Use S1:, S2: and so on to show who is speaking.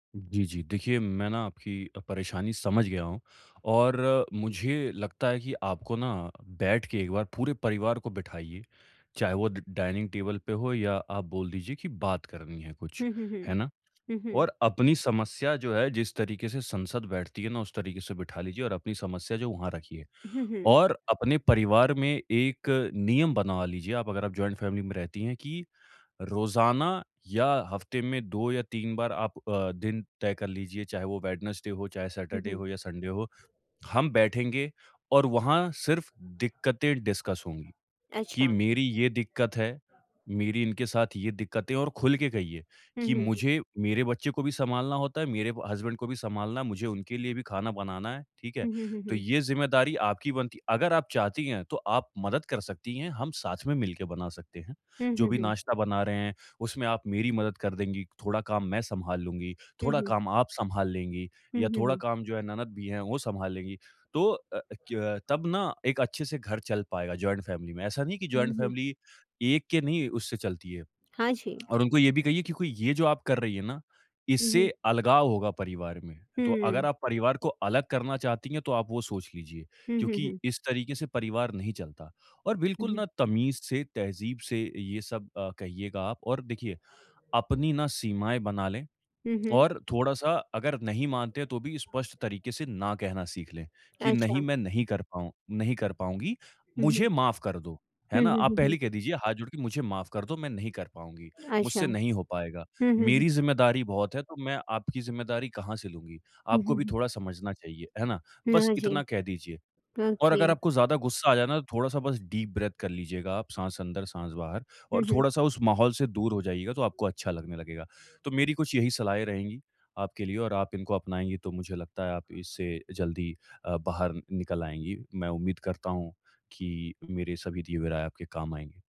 S1: जी, जी। देखिए मैं ना आपकी अ, परेशानी समझ गया हूँ, और मुझे लगता है कि आपको ना, बैठ के एक बार पूरे परिवार को बिठाइए। चाहे वो द डाइनिंग टेबल पे हो या आप बोल दीजिए की बात करनी है कुछ।
S2: हुँ, हुँ, हुँ।
S1: है ना?
S2: हुँ, हुँ।
S1: और अपनी समस्या जो है जिस तरीक़े से संसद बैठती है ना उस तरीक़े से बिठा लीजिए और अपनी समस्या जो वहाँ रखिए।
S2: हुँ, हुँ।
S1: और अपने परिवार में 1 नियम बना लीजिए आप अगर आप जॉइंट फैमिली में रहती हैं कि रोज़ाना या हफ्ते में 2 या 3 बार आप अ, दिन तय कर लीजिए। चाहे वो वेडनेसडे हो, चाहे
S2: हुँ,
S1: सैटरडे
S2: हुँ।
S1: हो या संडे हो, हम बैठेंगे और वहाँ सिर्फ दिक्कतें डिस्कस होंगी। कि
S2: अच्छा।
S1: मेरी ये दिक्कत है, मेरी इनके साथ ये दिक्कतें है और खुल के कहिए,
S2: हुँ,
S1: कि
S2: हुँ, हुँ।
S1: मुझे मेरे बच्चे को भी सँभालना होता है, मेरे हसबैंड को भी सँभालना है, मुझे उनके लिए भी खाना बनाना है। ठीक है?
S2: हुँ, हुँ, हुँ,
S1: तो
S2: हुँ।
S1: ये ज़िम्मेदारी आपकी बनती है, अगर आप चाहती हैं तो आप मदद कर सकती हैं हम साथ में मिलके बना सकते हैं।
S2: हुँ,
S1: जो
S2: हुँ,
S1: भी
S2: हुँ।
S1: नाश्ता बना रहे हैं उसमें आप मेरी मदद कर देंगी, थोड़ा काम मैं सँभाल लूँगी,
S2: हुँ,
S1: थोड़ा
S2: हुँ।
S1: काम आप सँभाल लेंगी,
S2: हुँ,
S1: या
S2: हुँ,
S1: थोड़ा
S2: हुँ।
S1: काम जो है ननद भी है वो सँभाल लेंगी। तो अ, क्यों अ, तब ना एक अच्छे से घर चल पाएगा जॉइंट फैमिली में ऐसा नहीं है कि जॉइंट
S2: हुँ, हुँ।
S1: फैमिली एक के नहीं उससे चलती है
S2: हाँ जी।
S1: और उनको ये भी कहिए कि कोई ये जो आप कर रही है ना
S2: हुँ,
S1: इससे
S2: हुँ।
S1: अलगाव होगा परिवार में। तो अगर
S2: हुँ।
S1: आप परिवार को अलग करना चाहती हैं तो आप वो सोच लीजिए,
S2: हुँ, हुँ,
S1: क्योंकि
S2: हुँ।
S1: इस तरीक़े से परिवार नहीं चलता और
S2: हुँ,
S1: बिल्कुल
S2: हुँ।
S1: ना तमीज़ से तहज़ीब से ये सब अ, कहिएगा आप। और देखिए, अपनी ना सीमाएँ बना लें,
S2: हुँ, हुँ।
S1: और थोड़ा-सा अगर नहीं मानते हैं तो भी स्पष्ट तरीक़े से ना कहना सीख लें। कि नहीं
S2: अच्छा।
S1: मैं नहीं कर पाऊँ नहीं कर पाऊँगी।
S2: हुँ, हुँ।
S1: मुझे माफ कर दो, है
S2: हुँ,
S1: ना?
S2: हुँ,
S1: आप
S2: हुँ, हुँ।
S1: पहले कह दीजिए हाथ जोड़ के मुझे माफ कर दो मैं नहीं कर पाऊँगी।
S2: अच्छा।
S1: मुझसे
S2: हुँ,
S1: नहीं हो पाएगा
S2: हुँ, हुँ।
S1: मेरी ज़िम्मेदारी बहुत है तो मैं आपकी ज़िम्मेदारी कहाँ से लूँगी?
S2: हुँ,
S1: आपको
S2: हुँ,
S1: भी
S2: हुँ।
S1: थोड़ा समझना चाहिए। है ना? बस
S2: ना जी,
S1: इतना कह दीजिए और अगर
S2: ओके।
S1: आपको ज़्यादा गुस्सा आ जाए ना तो थोड़ा-सा बस डीप ब्रेथ कर लीजिएगा आप साँस अंदर साँस बाहर
S2: हुँ,
S1: और
S2: हुँ।
S1: थोड़ा-सा उस माहौल से दूर हो जाइएगा तो आपको अच्छा लगने लगेगा। तो मेरी कुछ यही सलाहें रहेंगी आपके लिए और आप इनको अपनाएँगी तो मुझे लगता है आप इससे जल्दी अ, बाहर नि निकल आएँगी। मैं उम्मीद करता हूँ, कि मेरे सभी दिए हुए राय आपके काम आएँगे।